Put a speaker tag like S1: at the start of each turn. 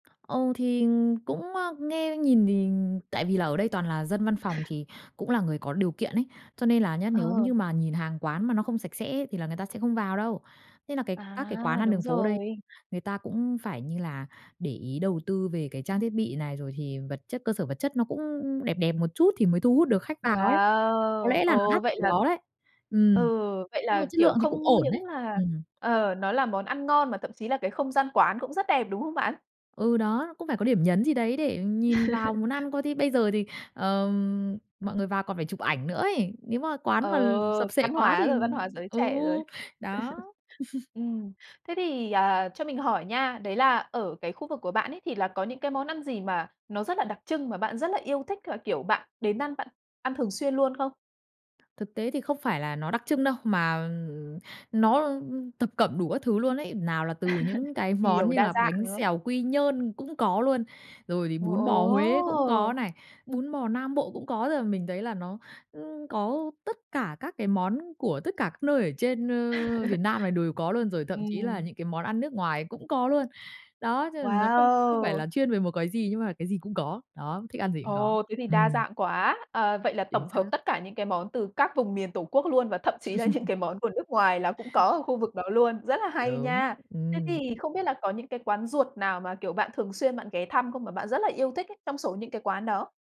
S1: Ừ, thì cũng, ơ, nghe nhìn thì tại vì là ở đây toàn là dân văn phòng thì cũng là người có điều kiện ấy, cho nên là nhá, nếu
S2: Ờ.
S1: như mà nhìn hàng quán mà nó không sạch sẽ thì là người ta sẽ không vào đâu. Thế nà cái các cái quán
S2: À!
S1: ăn
S2: Đúng
S1: đường phố đây,
S2: rồi.
S1: người ta cũng phải như là để ý đầu tư về cái trang thiết bị này rồi thì vật chất, cơ sở vật chất nó cũng đẹp đẹp một chút thì mới thu hút được khách vào ấy, có
S2: Wow!
S1: lẽ là nó
S2: Ồ!
S1: đắt ở
S2: Vậy
S1: cái
S2: là
S1: đó đấy. Ừm,
S2: ừ, vậy
S1: nhưng mà
S2: là,
S1: chất
S2: kiểu,
S1: lượng thì cũng
S2: không
S1: ổn
S2: những
S1: đấy.
S2: là,
S1: Ừm.
S2: ờ, nó là món ăn ngon mà thậm chí là cái không gian quán cũng rất đẹp, đúng không bạn?
S1: Ừ, đó, cũng phải có điểm nhấn gì đấy để nhìn vào muốn ăn, coi thi bây giờ thì, ờm, mọi người vào còn phải chụp ảnh nữa ấy, nếu mà
S2: Ờ,
S1: quán mà l sập xệ
S2: văn
S1: quá
S2: hóa
S1: thì
S2: rồi, văn hóa giới
S1: ừ,
S2: trẻ rồi.
S1: đó.
S2: Ừm. Thế thì, à, cho mình hỏi nha, đấy là ở cái khu vực của bạn ấy thì là có những cái món ăn gì mà nó rất là đặc trưng mà bạn rất là yêu thích và, kiểu, bạn đến ăn bạn ăn thường xuyên luôn không?
S1: Thực tế thì không phải là nó đặc trưng đâu, mà, ừm, nó, ưm, ư, thập cẩm đủ các thứ luôn ấy, nào là từ những cái món
S2: Nhiều,
S1: như
S2: đa
S1: là
S2: dạng,
S1: bánh
S2: đúng không?
S1: xèo Quy Nhơn cũng có luôn, rồi thì
S2: Wow,
S1: bún bò Huế cũng
S2: ồ!
S1: có này, bún bò Nam Bộ cũng có rồi mình thấy là nó, ưm, có tất cả các cái món của tất cả các nơi ở trên, ơ, Việt Nam này đùi có luôn, rồi thậm chí là
S2: Ừm.
S1: những cái món ăn nước ngoài cũng có luôn. Đó, cho nên nó không không phải
S2: Wow!
S1: là chuyên về một cái gì, nhưng mà cái gì cũng có. Đó, thích ăn gì cũng có,
S2: Ồ! Thế thì đa
S1: ừm.
S2: dạng quá! Ờ, vậy là
S1: Chính
S2: tổng hợp
S1: xác.
S2: tất cả những cái món từ các vùng miền tổ quốc luôn và thậm chí là những cái món của nước ngoài là cũng có ở khu vực đó luôn. Rất là hay
S1: Đúng,
S2: nha! Thế
S1: ừm.
S2: thì không biết là có những cái quán ruột nào mà kiểu bạn thường xuyên bạn ghé thăm không, mà bạn rất là yêu thích ấy, trong số những cái quán đó?